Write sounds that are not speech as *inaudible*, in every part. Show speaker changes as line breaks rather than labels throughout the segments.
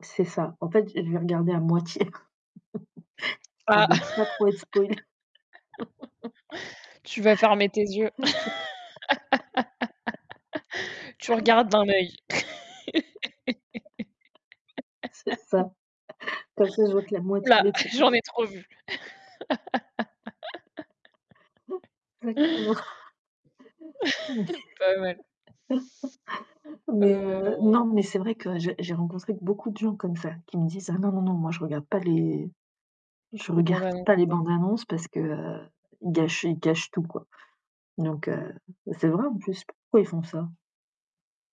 C'est ça. En fait, je vais regarder à moitié. *laughs* Quand
Ah!
même pas trop
*chuckles*
être spoiler *laughs*
Tu vas fermer tes yeux.
*laughs*
*laughs* Tu regardes d'un œil.
*chuckles* C'est
*laughs*
ça. Quand je vois que la
Ou
moitié
là,
des trucs. *laughs*
j'en ai trop vu. *laughs*
Exactement.
*chuckles* Pas mal.
*laughs* Mais heu,
Heu
non, mais c'est vrai que j'ai j'ai rencontré beaucoup de gens comme ça qui me disent: «Ah, non non non, moi je regarde pas les je
Les
regarde
bandes-annonces,
pas les
ouais.
bandes-annonces parce qu'ils gâchent ils gâchent tout quoi» donc heu, c'est vrai, en plus pourquoi ils font ça?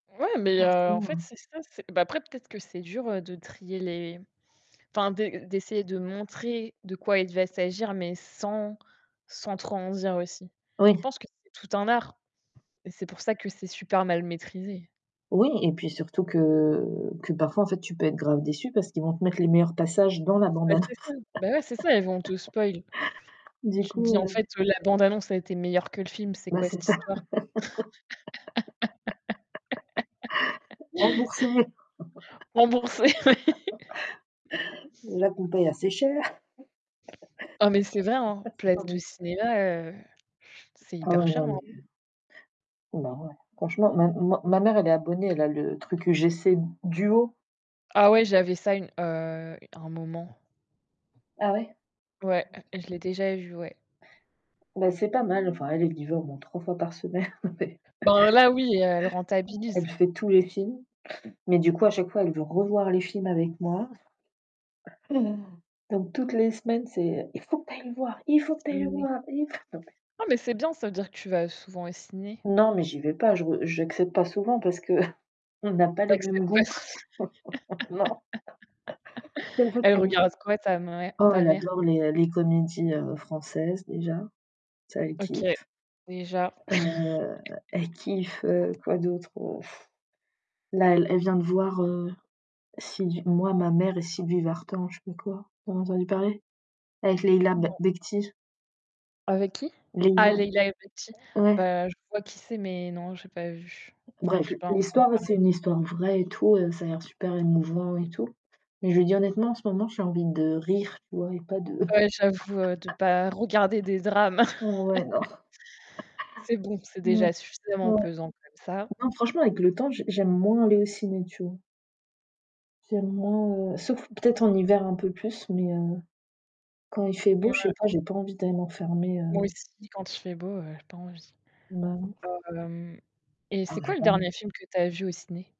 Ouais, mais heu, en fait,
Franchement.
c'est ça bah, après, peut-être que c'est dur de trier les enfin, d'essayer de montrer de quoi il va s'agir, mais sans, sans trop en dire aussi. Je
Oui.
pense que c'est tout un art et c'est pour ça que c'est super mal maîtrisé.
Oui et puis surtout que que parfois en fait tu peux être grave déçue parce qu'ils vont te mettre les meilleurs passages dans la
Bah,
bande-annonce.
c'est
*laughs*
ça, bah ouais, c'est ça, ils vont, te spoil.
Du
Tu te
coup,
dis en
heu
fait, la bande-annonce a été meilleure que le film, c'est
Bah,
quoi
c'est
cette
ça.
histoire?
*laughs* Rembourser.
*laughs* Rembourser, ouais.
*laughs*
*laughs*
Déjà qu'on paie assez cher.
Oh mais c'est vrai, hein,
*laughs* Enfin
place de
bon
cinéma, heu, c'est
Ah
hyper cher.
ouais
*unintelligible*
c'est marrant, ouais. Franchement, ma ma mère, elle est abonnée, elle a le truc UGC duo.
Ah ouais, j'avais ça une une heu, un moment.
Ah, ouais?
Ouais, je l'ai déjà vu, ouais.
Bah, C'est pas mal, enfin elle est livrée au moins 3 fois *chuckles* par semaine mais
Ben là, oui, elle
Elle
rentabilise.
fait tous les films, mais du coup à chaque fois elle veut revoir les films avec moi. *gasps* Donc toutes les semaines: «C'est il faut que tu ailles le voir il faut que tu
Et
ailles le
ouais.
voir, il faut»
Non mais c'est bien, ça veut dire que tu vas souvent au ciné.
Non mais j'y vais pas, je j'accepte pas souvent parce qu'on a pas
Tu
les mêmes
acceptes pas
goûts.
s *laughs*
*laughs* Non.
elle
*unintelligible*
regarde quoi ta mère
Oh,
ta
elle
mère?
adore les les comédies, heu, françaises déjà, ça elle
OK,
kiffe.
déjà.
Heu, elle
*chuckles*
kiffe, heu, quoi d'autre? *blows air* Là elle elle vient de voir, heu, si moi ma mère et Sylvie Vartan, je sais pas quoi. Vous en avez entendu parler? Avec Leila B
Non.
Bekhti.
Avec qui? Ah
Leila
Leila Bekhti
ouais.
bah, je vois qui c'est, mais non, j'ai pas vu. Enfin,
Bref,
j'ai pas entendu
l'histoire, c'est
parler.
une histoire vraie et tout, ça a l'air super émouvant et tout. Mais je veux dire honnêtement, en ce moment, j'ai envie de rire, tu vois et pas de
Ouais, j'avoue de pas regarder des drames.
*laughs* heu, ouais, non.
*chuckles* C'est bon,
*chuckles*
c'est
Ouais,
déjà suffisamment
ouais.
pesant comme ça.
Non franchement avec le temps, j'aime moins aller au ciné, tu vois? J'aime moins, sauf peut-être en hiver un peu plus, mais heu, quand il fait beau, je sais
Mouais.
pas, j'ai pas envie d'aller m'enfermer,
Moi
heu
aussi, quand il fait beau, heu, j'ai pas envie.
Bah de ouf.
Hem et
Ah
c'est quoi le
vraiment?
dernier film que tu as vu au ciné?